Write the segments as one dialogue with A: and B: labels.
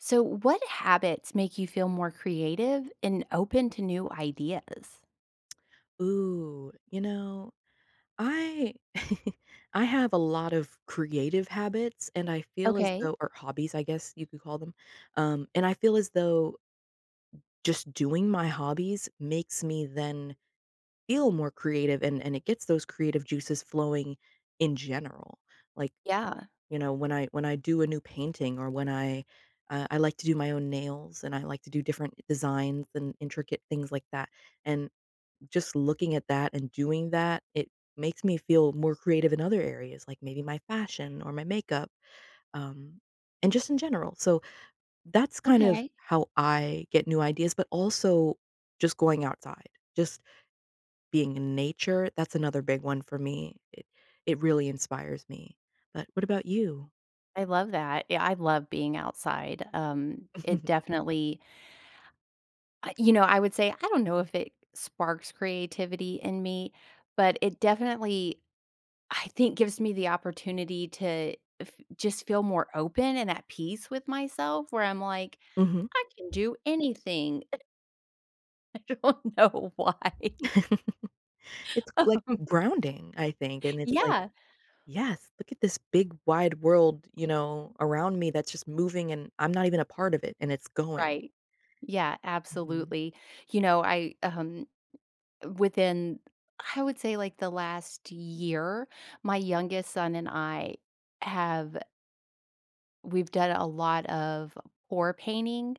A: So, what habits make you feel more creative and open to new ideas?
B: Ooh, you know, I I have a lot of creative habits, and I feel as
A: Okay.
B: though- or hobbies, I guess, you could call them- um, and I feel as though just doing my hobbies makes me then feel more creative, and and it gets those creative juices flowing in general. Like,
A: Yeah.
B: you know, when I when I do a new painting or when I uh, I like to do my own nails, and I like to do different designs and intricate things like that, and just looking at that and doing that, it makes me feel more creative in other areas, like maybe my fashion or my makeup, um, and just in general, so that's kind of
A: Okay.
B: how I get new ideas, but also just going outside. Just being in nature, that's another big one for me. It it really inspires me, but what about you?
A: I love that. Yeah, I love being outside, um, it definitely uh, you know, I would say, I don't know if it sparks creativity in me, but it definitely, I think, gives me the opportunity to f just feel more open and at peace with myself where I'm like,
B: Mhm.
A: "I can do anything." I don't know why.
B: It's, like, grounding, I think, and it's like,
A: Yeah.
B: "Yes, look at this big, wide world," you know, "around me that's just moving, and I'm not even a part of it, and it's going."
A: Right. Yeah,
B: Mhm.
A: absolutely. You know, I, um, within I would say, like, the last year, my youngest son and I have we've done a lot of pour painting,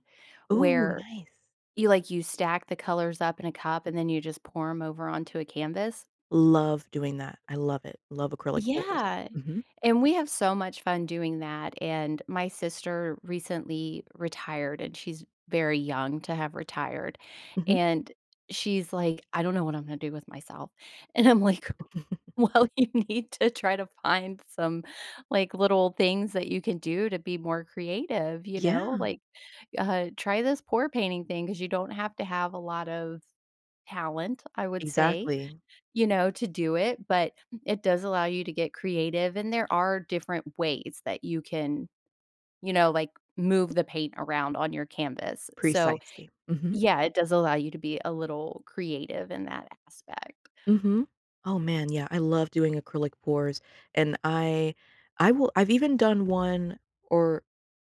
B: Ooh,
A: where
B: nice.
A: you like you stack the colors up in a cup, and then you just pour 'em over onto a canvas.
B: Love doing that. I love it. Love acrylic pours.
A: Yeah.
B: Mhm.
A: And we have so much fun doing that, and my sister recently retired, and she's very young to have retired,
B: Mhm.
A: and she's like, "I don't know what I'm gonna do with myself." And I'm like, "Well, you need to try to find some, like, little things that you can do to be more creative." You know?
B: Yeah.
A: Like, uh, "Try this pour painting thing." 'Cause you don't have to have a lot of talent, I would say,
B: Exactly.
A: you know, to do it, but it does allow you to get creative, and there are different ways that you can, you know, like, move the paint around on your canvas. So,
B: Precisely, mhm.
A: yeah, it does allow you to be a little creative in that aspect.
B: Mhm. Oh, man, yeah, I love doing acrylic pours, and I I will I've even done one, or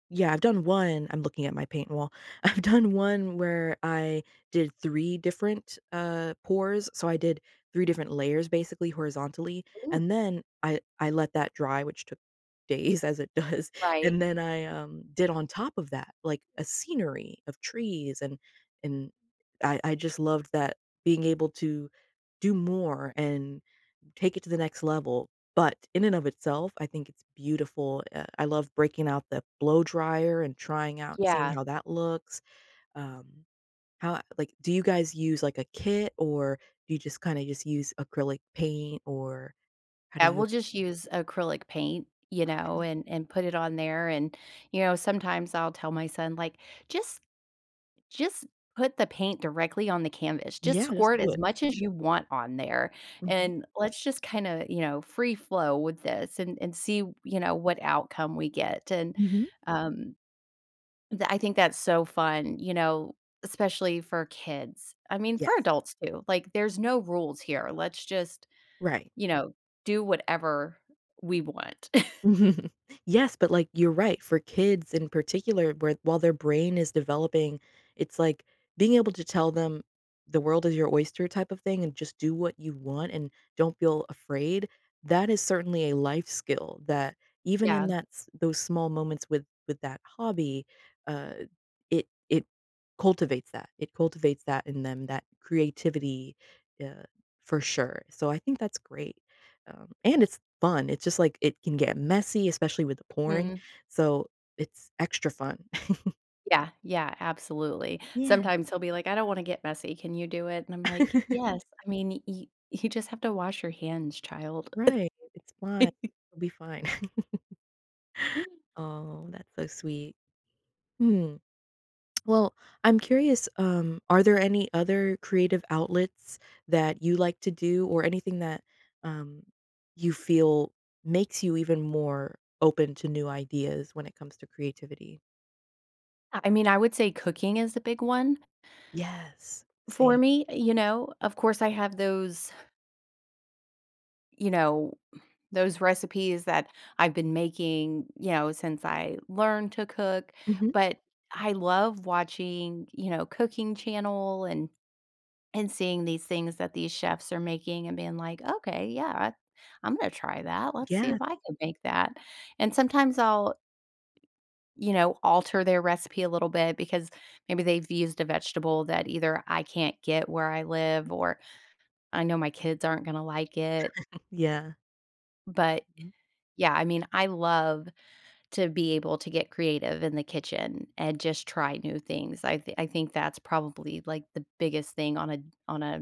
B: yeah, I've done one- I'm looking at my paint wall- I've done one where I did 3 different, uh, pours. So, I did 3 different layers, basically, horizontally,
A: Ooh.
B: and then I I let that dry, which took days as it does.
A: Right.
B: And then I, um, did on top of that, like, a scenery of trees, and and I I just loved that being able to do more and take it to the next level, but in and of itself, I think it's beautiful. I I love breaking out the blow dryer and trying out seeing
A: Yeah.
B: how that looks. Um. How a like, do you guys use, like, a kit, or do you just kinda just use acrylic paint? Or how do
A: Yeah,
B: you
A: we'll just use acrylic paint, you know,
B: Okay.
A: and and put it on there, and, you know, sometimes I'll tell my son, like, "Just just put the paint directly on the canvas. Just
B: Yeah, just
A: squirt
B: do
A: as
B: it.
A: much as you want on there,
B: Mhm.
A: and let's just kinda," you know, "free flow with this and and see, you know, what outcome we get." And,
B: Mhm.
A: um, tha I think that's so fun, you know, especially for kids. I mean, for
B: Yes.
A: adults too. Like, there's no rules here. Let's just,
B: Right.
A: you know, do whatever we want.
B: Yes, but, like, you're right. For kids in particular, where while their brain is developing, it's like being able to tell them, "The world is your oyster" type of thing and just do what you want and don't feel afraid, that is certainly a life skill that even in
A: Yeah.
B: that s those small moments with with that hobby, uh, it it cultivates that. It cultivates that in them, that creativity yeah, for sure. So, I think that's great, um, and it's fun. It's just like it can get messy, especially with the pouring,
A: Mhm.
B: so it's extra fun.
A: Yeah, yeah, absolutely.
B: Yeah.
A: Sometimes he'll be like, "I don't wanna get messy. Can you do it?" And I'm like, "Yes. I mean, yo you just have to wash your hands, child."
B: Right. It's fun. It'll be fine. Oh, that's so sweet. Mm. Well, I'm curious, um, are there any other creative outlets that you like to do, or anything that, um, you feel makes you even more open to new ideas when it comes to creativity?
A: I I mean, I would say cooking is the big one
B: Yes.
A: for
B: Same.
A: me, you know? Of course, I have those you know, those recipes that I've been making, you know, since I learned to cook.
B: Mhm.
A: But, I love watching, you know, cooking channel and and seeing these things that these chefs are making, and being like, "Okay. Yeah, I'm gonna try that, let's see
B: Yeah
A: if I can make that," and sometimes I'll you know, alter their recipe a little bit because maybe they've used a vegetable that either I can't get where I live, or I know my kids aren't gonna like it.
B: Yeah.
A: But,
B: Mhm.
A: yeah, I mean, I love to be able to get creative in the kitchen and just try new things, I've I think that's probably, like, the biggest thing on a on a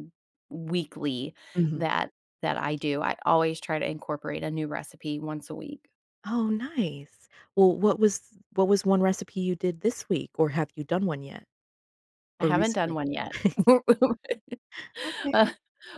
A: weekly
B: Mhm.
A: that that I do, I always try to incorporate a new recipe once a week.
B: Oh, nice. Well, what was what was one recipe you did this week, or have you done one yet
A: I
B: or
A: haven't done
B: recently?
A: one yet. Ugh,
B: Okay.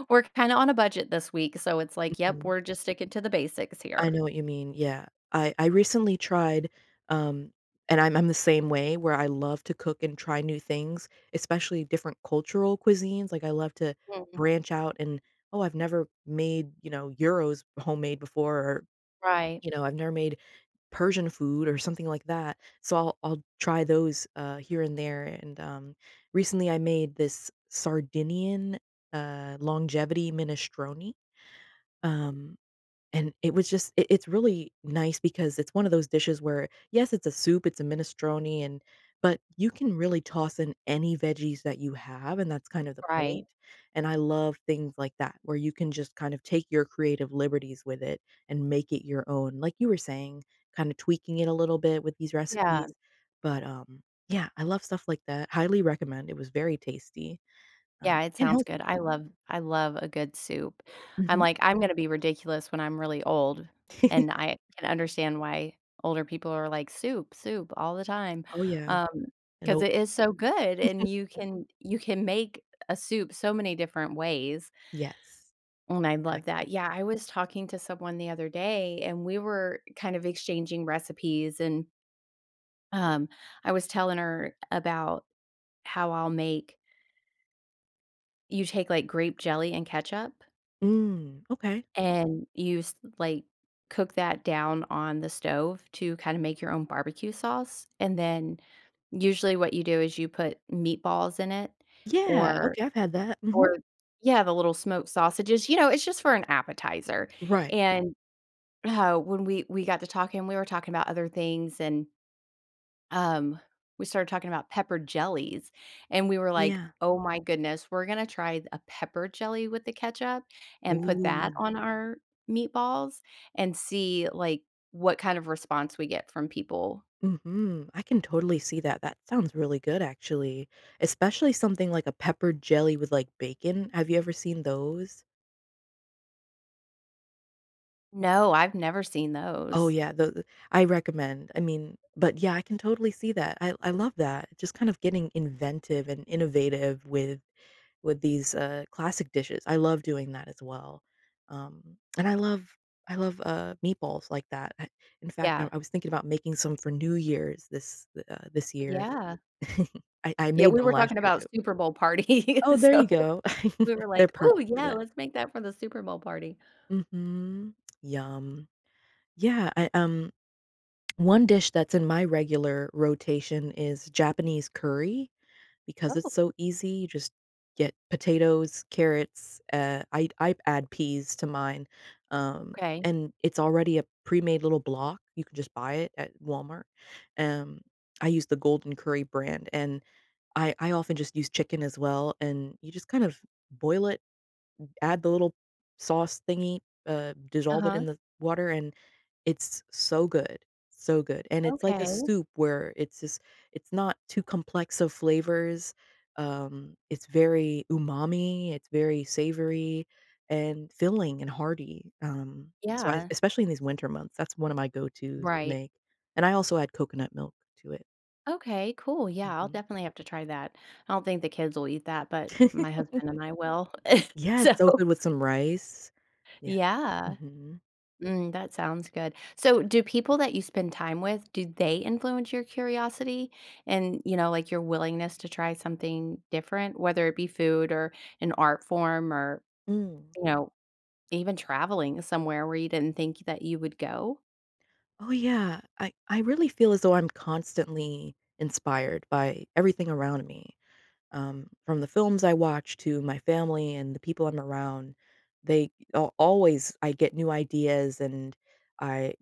A: we're kinda on a budget this week, so it's like, yep,
B: Mhm.
A: we're just sticking to the basics
B: I
A: here.
B: know what you mean, yeah. I I recently tried um, and I'm I'm the same way where I love to cook and try new things, especially different cultural cuisines. Like, I love to
A: Mm.
B: branch out and "Oh, I've never made, you know, gyros homemade before or,
A: Right.
B: you know, I've never made Persian food," or something like that, so I'll I'll try those, uh, here and there. And, um, recently, I made this, Sardinian, uh, longevity minestrone,
A: Ooh
B: um, and it was just it it's really nice because it's one of those dishes where, yes, it's a soup, it's a minestrone, and but you can really toss in any veggies that you have, and that's kind of the
A: Right.
B: point, and I love things like that where you can just kind of take your creative liberties with it and make it your own, like you were saying, kinda tweaking it a little bit with these
A: Yeah.
B: recipes, but, um, yeah, I love stuff like that, highly recommend, it was very tasty, uh,
A: Yeah. It
B: and
A: sounds
B: healthy.
A: good. I love I love a good soup. I'm
B: Mhm.
A: like, I'm gonna be ridiculous when I'm really old, and I can understand why older people are like, "Soup, soup all the time,"
B: Oh, yeah.
A: um, 'cause
B: Nope.
A: it is so good, and you can you can make a soup so many different ways
B: Yes.
A: and I love
B: Exactly.
A: that. Yeah, I was talking to someone the other day, and we were kind of exchanging recipes, and um, I was telling her about how I'll make you take, like, grape jelly and ketchup
B: Mm. Okay.
A: and you s like, cook that down on the stove to kinda make your own barbecue sauce, and then usually what you do is you put meatballs in it,
B: Yeah.
A: or
B: Okay. I've had that. Mhm.
A: or Yeah, the little smoked sausages, you know, it's just for an appetizer.
B: Right.
A: And, uh, when we we got to talking, we were talking about other things, and um, we started talking about pepper jellies, and we were like,
B: Yeah.
A: "Oh my goodness. We're gonna try a pepper jelly with the ketchup and put that
B: Ooh.
A: on our meatballs?" And see, like, what kind of response we get from people.
B: Mhm. I can totally see that, that sounds really good, actually. Especially something like a pepper jelly with, like, bacon. Have you ever seen those?
A: No, I've never seen
B: Oh,
A: those.
B: yeah, though the I recommend. I mean but, yeah, I can totally see that. I I love that. Just kind of getting inventive and innovative with with these, uh, classic dishes. I love doing that as well, um, and I love I love, uh, meatballs like that. I in fact, now,
A: Yeah.
B: I was thinking about making some for New Year's this the, uh, this year.
A: Yeah.
B: I I
A: Yeah,
B: made
A: we
B: them
A: were
B: last
A: talking
B: year
A: about
B: too.
A: Super Bowl parties,
B: Oh, there you
A: so,
B: go.
A: we were
B: They're
A: like, "Ooh,
B: perfect for
A: yeah,
B: that.
A: let's make that for the Super Bowl party."
B: Mhm. Yum. Yeah, I, um, one dish that's in my regular rotation is Japanese curry because it's
A: Oh.
B: so easy; you just get potatoes, carrots, uh, I'd I'd add peas to mine, um,
A: Okay.
B: and it's already a premade little block. You can just buy it at Walmart. Um, I use the Golden Curry brand, and I I often just use chicken as well, and you just kind of boil it, add the little sauce thingy, uh, dissolve it
A: Uh-huh.
B: in the water, and it's so good. So good, and it's like a
A: Okay.
B: soup where it's just it's not too complex of flavors, um, it's very umami, it's very savory and filling and hearty, um, so, I
A: Yeah.
B: especially in these winter months, that's one of my go-tos to
A: Right.
B: make, and I also add coconut milk to it.
A: Okay, cool, yeah, I'll
B: Mhm.
A: definitely have to try that. I don't think the kids will eat that, but my husband and I will.
B: Yes.
A: So
B: So good with some rice. Yeah.
A: Yeah.
B: Mhm.
A: Mm, that sounds good. So, do people that you spend time with do they influence your curiosity and, you know, like, your willingness to try something different, whether it be food or an art form or,
B: Mm.
A: you know, even traveling somewhere where you didn't think that you would go?
B: Oh, yeah. I I really feel as though I'm constantly inspired by everything around me, um, from the films I watch to my family and the people I'm around, they a always I get new ideas and I,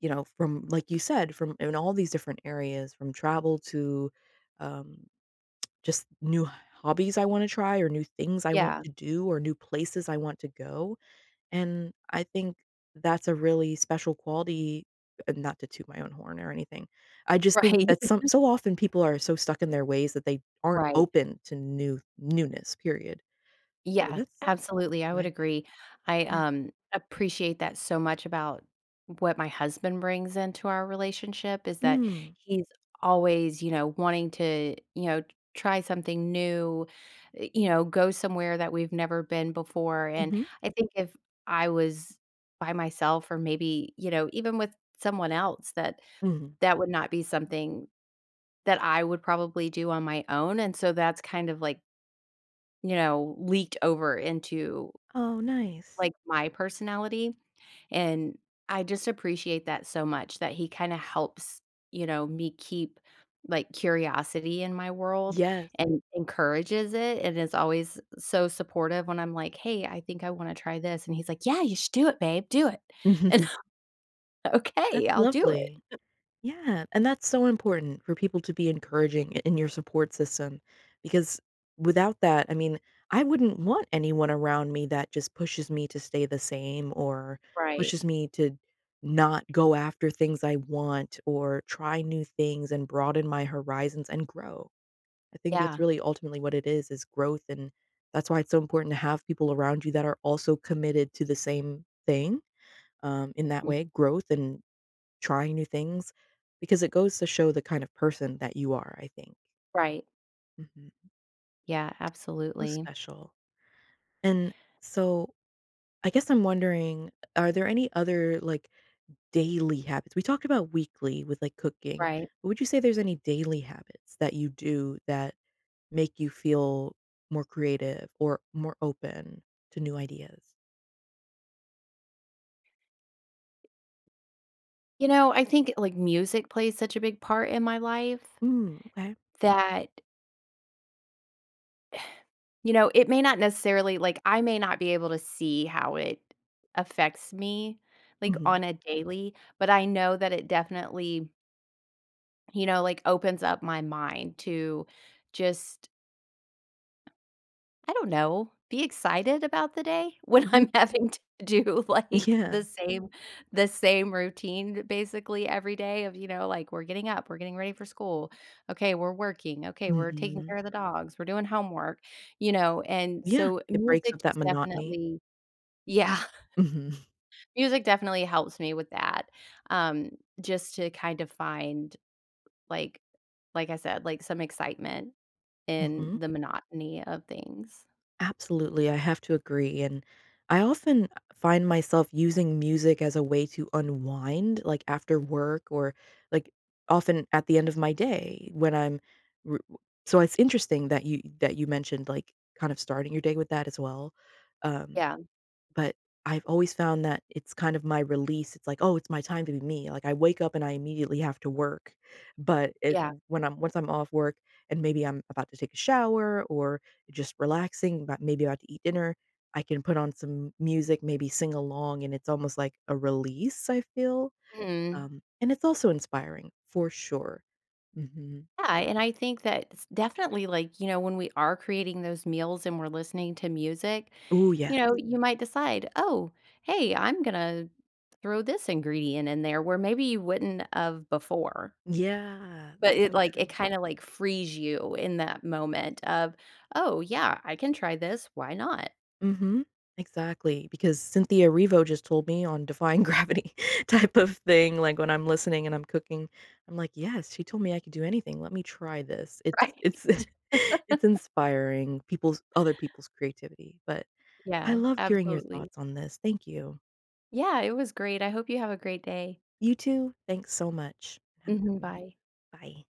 B: you know, from like you said, from in all these different areas, from travel to, um, just new hobbies I wanna try or new things I want
A: Yeah.
B: to do or new places I want to go, and I think that's a really special quality- not to toot my own horn or anything- I just think
A: Right.
B: that some so often people are so stuck in their ways that they aren't
A: Right.
B: open to new newness, period. So
A: Yeah.
B: that's t
A: Absolutely. I would
B: my thing.
A: agree. I,
B: Yeah.
A: um, appreciate that so much about what my husband brings into our relationship is that
B: Mm.
A: he's always, you know, wanting to, you know, t try something new, eh, you know, go somewhere that we've never been before. And
B: Mhm.
A: I think if I was by myself or maybe, you know, even with someone else, that
B: Mhm.
A: that would not be something that I would probably do on my own, and so that's kind of, like you know, leaked over into,
B: Oh, nice.
A: like, my personality, and I just appreciate that so much that he kinda helps, you know, me keep, like, curiosity in my world
B: Yes.
A: and encourages it and is always so supportive when I'm like, "Hey, I think I wanna try this." And he's like, "Yeah. You should do it, babe. Do it." And
B: That's
A: "Okay, I'll do it."
B: lovely. Yeah. And that's so important for people to be encouraging i in your support system because without that, I mean, I wouldn't want anyone around me that just pushes me to stay the same or
A: Right.
B: pushes me to not go after things I want or try new things and broaden my horizons and grow. I think that's
A: Yeah.
B: really ultimately what it is, is growth, and that's why it's so important to have people around you that are also committed to the same thing, um, in that
A: Mhm.
B: way, growth and trying new things because it goes to show the kind of person that you are, I think.
A: Right.
B: Mhm.
A: Yeah,
B: How
A: absolutely.
B: special. And so, I guess I'm wondering, are there any other, like, daily habits? We talked about weekly with, like, cooking;
A: Right.
B: would you say there's any daily habits that you do that make you feel more creative or more open to new ideas?
A: You know, I think, like, music plays such a big part in my life,
B: Mm, okay.
A: that you know, it may not necessarily like, I may not be able to see how it affects me, like,
B: Mhm.
A: on a daily, but I know that it definitely you know, like, opens up my mind to just I don't know, be excited about the day, when
B: Mhm.
A: I'm having to do, like,
B: Yeah.
A: the same the same routine basically every day of, you know, like, "We're getting up, we're getting ready for school; okay, we're working, okay, we're taking care
B: Mhm.
A: of the dogs, we're doing homework," you know? And
B: Yeah,
A: so,
B: it breaks up
A: music is
B: that monotony.
A: definitely Yeah.
B: Mhm.
A: Music definitely helps me with that, um, just to kind of find, like like I said, like, some excitement in
B: Mhm.
A: the monotony of things.
B: Absolutely, I have to agree, and I often find myself using music as a way to unwind, like, after work or, like, often at the end of my day when I'm w w so, it's interesting that you that you mentioned, like, kind of starting your day with that as well, um,
A: Yeah.
B: but I've always found that it's kind of my release, it's like, "Oh, it's my time to be me." Like, I wake up and I immediately have to work, but it
A: Yeah.
B: when I'm once I'm off work and maybe I'm about to take a shower or just relaxing, but maybe about to eat dinner, I can put on some m music, maybe sing along, and it's almost like a release, I feel,
A: Mhm.
B: um, and it's also inspiring for sure. Mhm.
A: Yeah, and I think that s definitely, like, you know, when we are creating those meals and we're listening to music,
B: Ooh, yeah.
A: you know, you might decide, "Oh, hey, I'm gonna throw this ingredient in there," where maybe you wouldn't of before.
B: Yeah,
A: But
B: that's
A: it,
B: so
A: like it
B: true.
A: kinda, like, frees you in that moment of, "Oh, yeah, I can try this, why not?
B: Mhm, exactly, because Cynthia Erivo just told me on Defying Gravity type of thing, like, when I'm listening and I'm cooking, I'm like, "Yes, she told me I could do anything, let me try this." It's
A: Right.
B: it's it's inspiring people's other people's creativity, but I
A: Yeah,
B: loved hearing your
A: absolutely.
B: thoughts on this. Thank you.
A: Yeah, it was great. I hope you have a great day.
B: You too, thanks so much. Have a
A: Mhm,
B: good one.
A: bye.
B: Bye.